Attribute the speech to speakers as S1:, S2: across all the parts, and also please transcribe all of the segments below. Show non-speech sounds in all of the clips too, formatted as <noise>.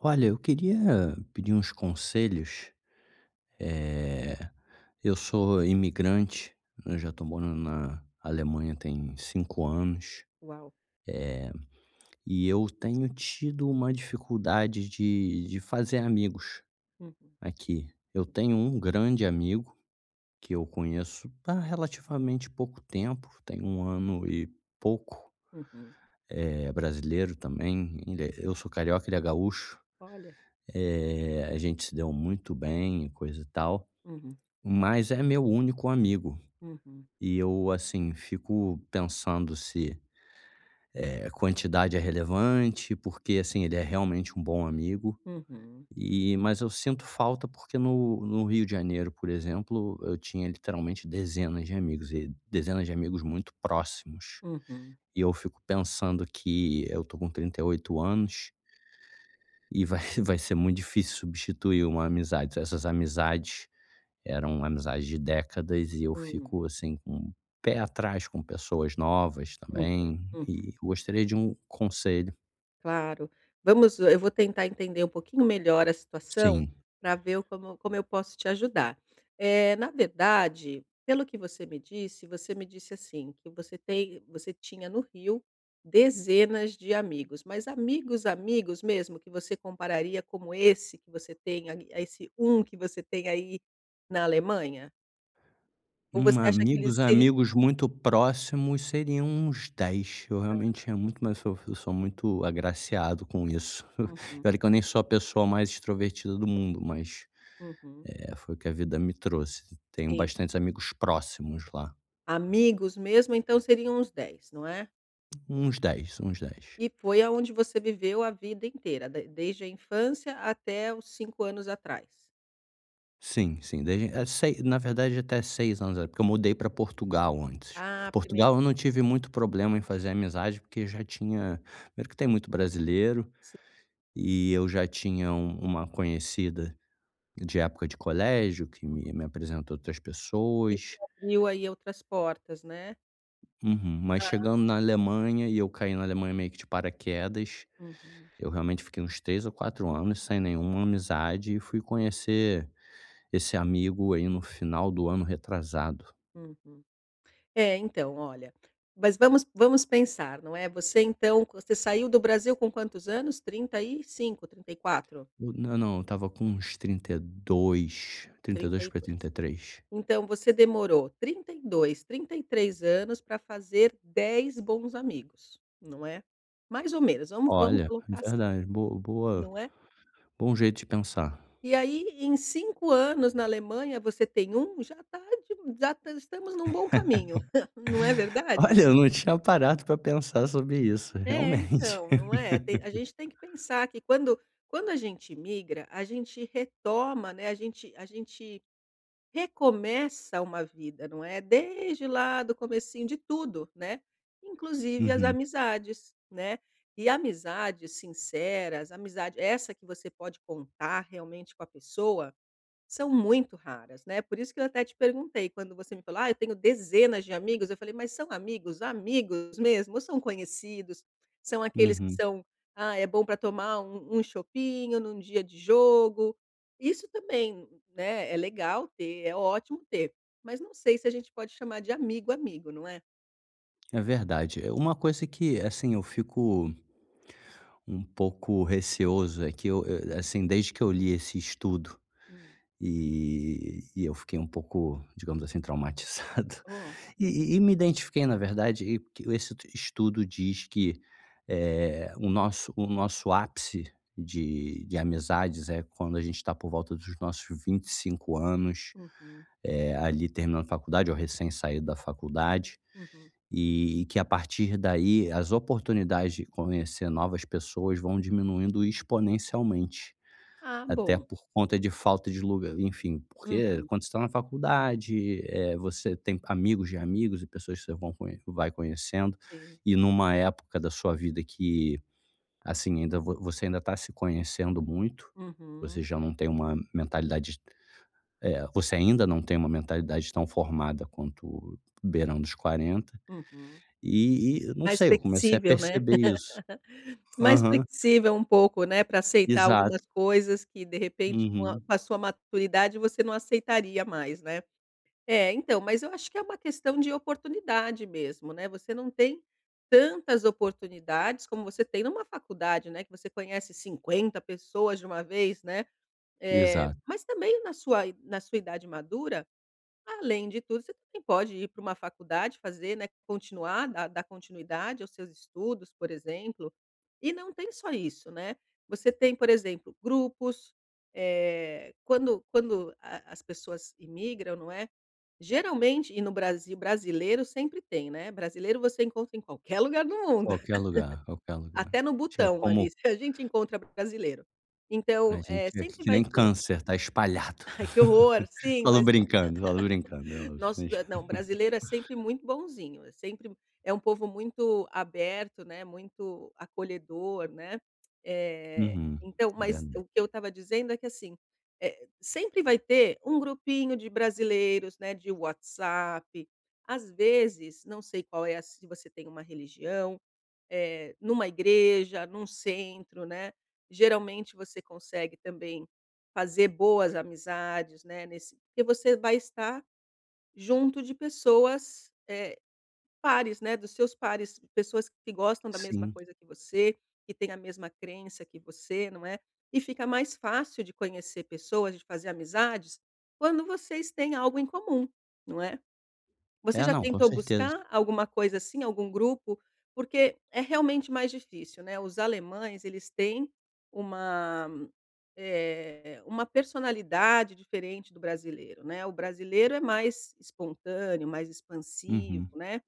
S1: Olha, eu queria pedir uns conselhos. Eh, eu sou imigrante, eu já tô morando na Alemanha tem 5 anos,
S2: Uau.
S1: eh, e eu tenho tido uma dificuldade de de fazer amigos
S2: Uhum.
S1: aqui. Eu tenho um grande amigo, que eu conheço há relativamente pouco tempo, tem 1 ano e pouco.
S2: Uhum.
S1: Eh, brasileiro também, ainda é eu sou carioca, ele é gaúcho.
S2: Olha.
S1: Eh, a gente se deu muito bem e coisa e tal.
S2: Uhum.
S1: Mas é meu único amigo.
S2: Uhum.
S1: E eu, assim, fico pensando se, eh, quantidade é relevante, porque assim, ele é realmente um bom amigo.
S2: Uhum.
S1: E mas eu sinto falta porque no no Rio de Janeiro, por exemplo, eu tinha literalmente dezenas de amigos e dezenas de amigos muito próximos.
S2: Uhum.
S1: E eu fico pensando que eu tô com 38 anos e vai vai ser muito difícil substituir uma amizade. Essas amizades, eram amizades de décadas e eu
S2: Hum.
S1: fico assim com pé atrás com pessoas novas
S2: Uhum.
S1: também
S2: Uhum.
S1: e eu gostaria de um conselho.
S2: Claro. Vamos, eh eu vou tentar entender um pouquinho melhor a situação,
S1: Sim.
S2: pra ver o como como eu posso te ajudar. Eh, na verdade, pelo que você me disse, você me disse, assim, que você tem você tinha no Rio, dezenas de amigos, mas amigos, amigos mesmo? Que você compararia como esse que você tem ai a esse 1 que você tem aí na Alemanha? Ou você
S1: Hum,
S2: acha que ele
S1: amigos
S2: seria
S1: amigos muito próximos seriam uns 10. Eu, realmente,
S2: Aham.
S1: tinha muito mais so eu sou muito agraciado com isso.
S2: Uhum.
S1: E olha que eu nem sou a pessoa mais extrovertida do mundo, mas,
S2: Uhum.
S1: eh, foi o que a vida me trouxe. Tenho
S2: Sim.
S1: bastantes amigos próximos lá.
S2: Amigos, mesmo, então seriam os 10, não é?
S1: Uns 10, uns 10.
S2: E foi aonde você viveu a vida inteira, d desde a infância até o 5 anos atrás.
S1: Sim, sim. Desde, eh, sei na verdade, até 6 anos, é, porque eu mudei para Portugal antes.
S2: A primeiro
S1: Portugal, eu não tive muito problema em fazer amizade, porque já tinha mesmo que tem muito brasileiro.
S2: Si
S1: E eu já tinha uma conhecida de época de colégio que
S2: <unintelligible>
S1: me me apresentou outras
S2: Que te
S1: pessoas.
S2: abriu aí outras portas, né?
S1: Uhum. Mas,
S2: Hã.
S1: chegando na Alemanha e eu caí na Alemanha meio que de paraquedas.
S2: Uhum.
S1: Eu realmente fiquei uns 3 ou 4 anos sem nenhuma amizade e fui conhecer esse amigo aí no final do ano retrasado.
S2: Uhum. É então, olha, mas vamos vamos pensar, não é? Você então você saiu do Brasil com quantos anos? 35, 34?
S1: Na não, eu tava com uns 32. trinta e
S2: trinta
S1: dois
S2: e
S1: pra
S2: dois.
S1: 33.
S2: Então você demorou 32, 33 anos para fazer 10 bons amigos, não é? Mais ou menos, vamos vamos
S1: Olha, é
S2: colocar assim,
S1: verdade. Boa boa
S2: não é?
S1: bom jeito de pensar.
S2: E aí, em 5 anos na Alemanha, você tem 1. Já tá de já estamos num bom caminho. <chuckles> Não é
S1: <laughs>
S2: verdade?
S1: Olha, eu não tinha parado para pensar sobre isso,
S2: É
S1: realmente.
S2: então, não é? Tem a
S1: <laughs>
S2: gente tem que pensar que quando quando a gente imigra, a gente retoma, né? A gente a gente recomeça uma vida, não é? Desde lá do comecinho de tudo, né? Inclusive as
S1: Uhum.
S2: amizades, né? E amizades sinceras, amizade essa que você pode contar realmente com a pessoa, são muito raras, né? Por isso que eu até te perguntei, quando você me falou: "Ah, eu tenho dezenas de amigos". Eu falei, mas são amigos, amigos mesmo, são conhecidos, são aqueles que
S1: Uhum.
S2: são: "Ah, é bom para tomar um um chopinho num dia de jogo"? Isso também, né, é legal ter. É ótimo ter, mas não sei se a gente pode chamar de amigo, amigo, não é?
S1: É verdade. É uma coisa que, assim, eu fico um pouco receoso é que eu, eh, assim, desde que eu li esse estudo,
S2: Hum.
S1: e e eu fiquei pouco, digamos assim, traumatizado.
S2: Oh,
S1: E
S2: meu
S1: e e me identifiquei na verdade, e porque esse t estudo diz que, eh, o nosso o nosso ápice de de amizades é quando a gente tá por volta dos nossos 25 anos,
S2: Uhum.
S1: eh, ali terminando a faculdade ou recém saído da faculdade.
S2: Uhum.
S1: E que, a partir daí, as oportunidades de conhecer novas pessoas vão diminuindo exponencialmente,
S2: Ah,
S1: até
S2: bom.
S1: por conta de falta de lugar, enfim. Porque,
S2: Uhum.
S1: quando você tá na faculdade, eh, você tem amigos de amigos e pessoas que você vão con que vai conhecendo.
S2: Sim.
S1: E numa época da sua vida que, assim, ainda vo você ainda tá se conhecendo muito,
S2: Uhum.
S1: você já não tem uma mentalidade d eh, você ainda não tem uma mentalidade tão formada quanto beirando os 40,
S2: Uhum.
S1: e e não
S2: Mais
S1: sei. Eu comecei a
S2: flexível, né?
S1: perceber isso.
S2: <laughs> Mais
S1: Aham.
S2: flexível um pouco, né, pra aceitar
S1: Exato.
S2: algumas coisas que, de repente, com a
S1: Uhum.
S2: com sua maturidade, você não aceitaria mais, né? É, então, mas eu acho que é uma questão de oportunidade mesmo, né? Você não tem tantas oportunidades como você tem numa faculdade, né, que você conhece 50 pessoas de uma vez, né? Eh,
S1: Exato.
S2: mas também na sua i na sua idade madura, além de tudo, você também pode ir pra uma faculdade fazer, né continuar dar dar continuidade aos seus estudos, por exemplo. E não tem só isso, né? Você tem por exemplo grupos, eh, quando quando a a as pessoas imigram, não é? Geralmente e no Brasil brasileiro sempre tem, né? Brasileiro você encontra em qualquer lugar do mundo.
S1: Qualquer lugar. Qualquer lugar.
S2: Até no
S1: Tinha
S2: Butão,
S1: como
S2: ali, a gente encontra brasileiro.
S1: A
S2: Então, eh,
S1: gente e
S2: sempre
S1: que nem
S2: vai ter
S1: câncer, tá espalhado.
S2: Ai, que horror!
S1: <laughs>
S2: Sim,
S1: Falo
S2: mas
S1: brincando. Falo
S2: <laughs>
S1: brincando.
S2: nosso eh, não, brasileiro é sempre muito bonzinho. Sempre é um povo muito aberto, né, muito acolhedor, né? Eh,
S1: Uhum,
S2: então, mas
S1: verdade.
S2: o que eu tava dizendo é que, assim, eh, sempre vai ter um grupinho de brasileiros, né, de WhatsApp Às vezes, não sei qual é a s se você tem uma religião, eh, numa igreja, num centro, né. Geralmente, você consegue também fazer boas amizades, né, nesse porque você vai estar junto de pessoas, eh, pares, né, dos seus pares. Pessoas que gostam da mesma
S1: Sim.
S2: coisa que você, que têm a mesma crença que você, não é? E fica mais fácil de conhecer pessoas, de fazer amizades, quando vocês têm algo em comum, não é? Você
S1: É.
S2: já
S1: Não, com
S2: tentou
S1: certeza.
S2: buscar alguma coisa assim, algum grupo? Porque é realmente mais difícil, né? Os alemães, eles têm uma eh, uma personalidade diferente do brasileiro, né? O brasileiro é mais espontâneo, mais expansivo,
S1: Uhum.
S2: né?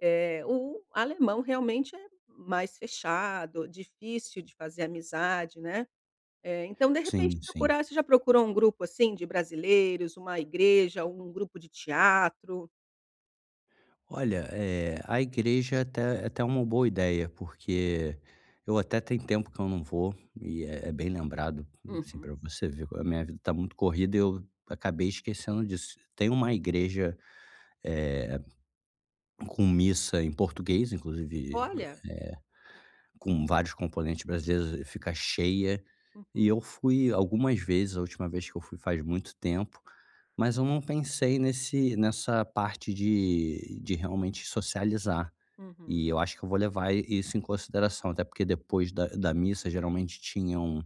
S2: Eh, o alemão, realmente, é mais fechado, difícil de fazer amizade, né? Eh, então de repente
S1: Sim. Sim.
S2: procurar você já procurou grupo assim de brasileiros, uma igreja, algum grupo de teatro?
S1: Olha, eh, a igreja até até é uma boa ideia, porque eu até tem tempo que eu não vou, e é bem lembrado, assim,
S2: Uhum.
S1: pra você ver como a minha vida tá muito corrida e eu acabei esquecendo disso. Tem uma igreja, eh, com missa em português, inclusive b eh,
S2: Olha.
S1: com vários componentes brasileiros e fica cheia. E
S2: Uhum.
S1: eu fui algumas vezes, a última vez que eu fui faz muito tempo, mas eu não pensei nesse nessa parte de de realmente socializar.
S2: Uhum.
S1: E eu acho que eu vou levar i isso em consideração, até porque depois da da missa geralmente tinham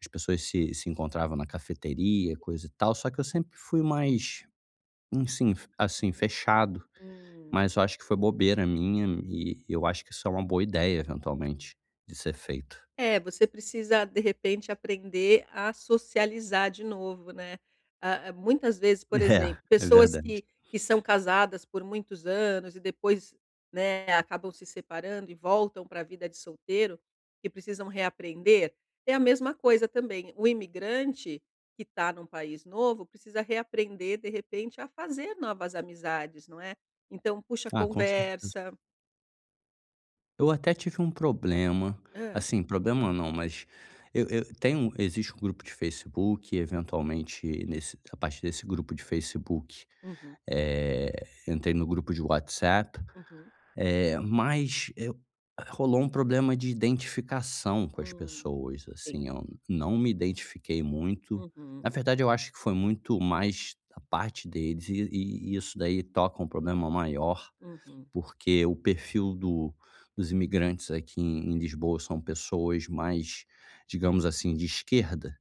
S1: as pessoas se se encontravam na cafeteria, coisa e tal, só que eu sempre fui mais enfim, assim, fechado.
S2: Hum.
S1: Mas eu acho que foi bobeira minha e eu acho que isso é uma boa ideia, eventualmente, de ser feito.
S2: É, você precisa, de repente, aprender a socializar de novo, né? A a muitas vezes, por exemplo,
S1: É. É
S2: pessoas
S1: verdade.
S2: que que são casadas por muitos anos e depois, né, acabam se separando e voltam pra vida de solteiro, que precisam reaprender, é a mesma coisa também. O imigrante, que tá num país novo, precisa reaprender, de repente, a fazer novas amizades, não é? Então puxa
S1: Ah, com certeza.
S2: conversa.
S1: Eu até tive um problema,
S2: Hã.
S1: assim, problema não, mas eu eu tem um existe um grupo de Facebook, eventualmente nesse a partir desse grupo de Facebook,
S2: Uhum.
S1: eh, entrei no grupo de WhatsApp.
S2: Uhum.
S1: Eh, mas, eh, rolou um problema de identificação com as
S2: Hum.
S1: pessoas,
S2: Sim.
S1: assim, eu não me identifiquei muito.
S2: Uhum.
S1: Na verdade, eu acho que foi muito mais da parte deles e e e isso daí toca um problema maior,
S2: Uhum.
S1: porque o perfil do dos imigrantes aqui em Lisboa, são pessoas mais, digamos assim, de esquerda.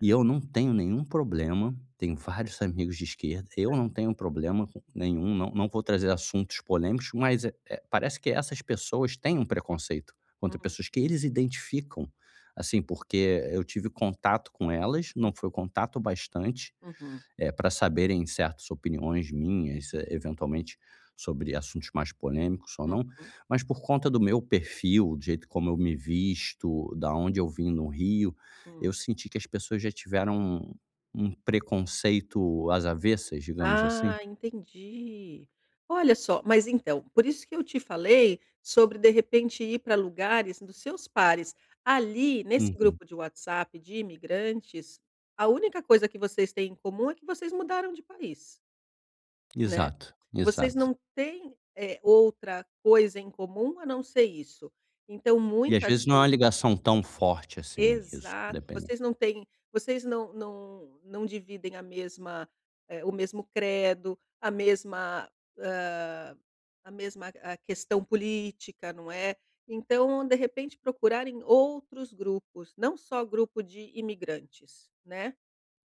S1: E eu não tenho nenhum problema, tenho vários amigos de esquerda, eu
S2: <unintelligible>
S1: não tenho um problema com nenhum, não não não vou trazer assuntos polêmicos, mas é é parece que essas pessoas têm um preconceito contra
S2: Hum.
S1: pessoas que eles identificam, assim, porque eu tive contato com elas, não
S2: Uhum.
S1: foi contato o bastante,
S2: Uhum.
S1: eh, pra saberem certas opiniões minhas, eh, eventualmente sobre assuntos mais polêmicos ou não,
S2: Uhum.
S1: mas por conta do meu perfil, do jeito como eu me visto, da onde eu vim no Rio, eu
S2: Hum.
S1: senti que as pessoas já tiveram um um preconceito às avessas, digamos assim.
S2: Ah, entendi, olha só. Mas então, por isso que eu te falei sobre, de repente, ir pra lugares dos seus pares. Ali, nesse
S1: Uhum.
S2: grupo de WhatsApp de imigrantes, a única coisa que vocês têm em comum é que vocês mudaram de país. Né?
S1: Exato,
S2: Vocês
S1: exato.
S2: não têm, eh, outra coisa em comum a não ser isso. Então,
S1: E às
S2: muitas
S1: vezes não é
S2: vezes
S1: uma ligação tão forte assim, isso
S2: Exato,
S1: dependendo
S2: vocês não têm vocês não não não dividem a mesma eh, o mesmo credo, a mesma hã, a mesma a questão política, não é? Então, de repente, procurar em outros grupos, não só grupo de imigrantes, né?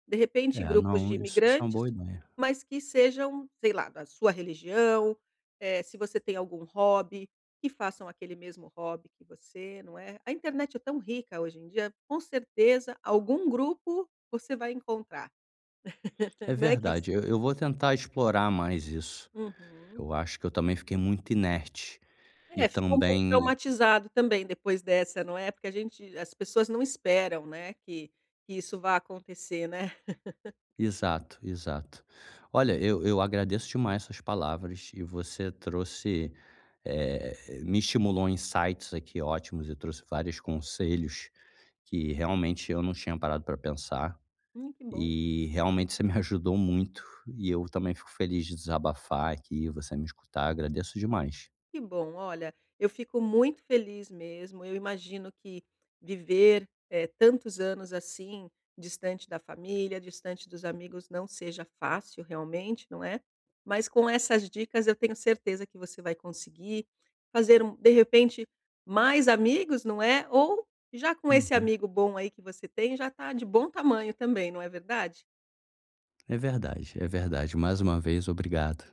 S2: De repente
S1: É,
S2: grupos de
S1: não. Isso isso é uma
S2: imigrantes,
S1: boa ideia.
S2: mas que sejam, sei lá, da sua religião. Eh, se você tem algum hobby, que façam aquele mesmo hobby que você, não é? A internet é tão rica hoje em dia, com certeza algum grupo você vai encontrar.
S1: É
S2: <laughs> Né, que se
S1: verdade, eu eu vou tentar explorar mais isso.
S2: Uhum.
S1: Eu acho que eu também fiquei muito inerte e
S2: É, ficou um pouco
S1: também
S2: traumatizado também depois dessa, não é? Porque a gente as pessoas não esperam, né, que que isso vá acontecer, né? <laughs>
S1: Exato, exato. Olha, eu eu agradeço demais as suas palavras e você trouxe eh, me estimulou insights aqui ótimos e trouxe vários conselhos que, realmente, eu não tinha parado pra pensar
S2: Hum, que bom.
S1: e realmente você me ajudou muito. E eu também fico feliz de desabafar aqui e você me escutar. Agradeço demais.
S2: Que bom. Olha, eu fico muito feliz mesmo. Eu imagino que viver, eh, tantos anos assim, distante da família, distante dos amigos, não seja fácil realmente, não é? Mas com essas dicas eu tenho certeza que você vai conseguir fazer um de repente, mais amigos, não é? Ou, já com esse
S1: Uhum.
S2: amigo bom aí que você tem, já tá de bom tamanho também, não é verdade?
S1: É verdade, é verdade. Mais uma vez, obrigado.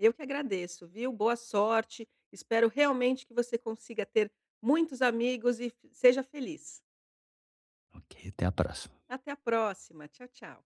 S2: Eu que agradeço, viu? Boa sorte, espero realmente que você consiga ter muitos amigos e f seja feliz.
S1: Ok, até a próxima.
S2: Até a próxima, tchau tchau.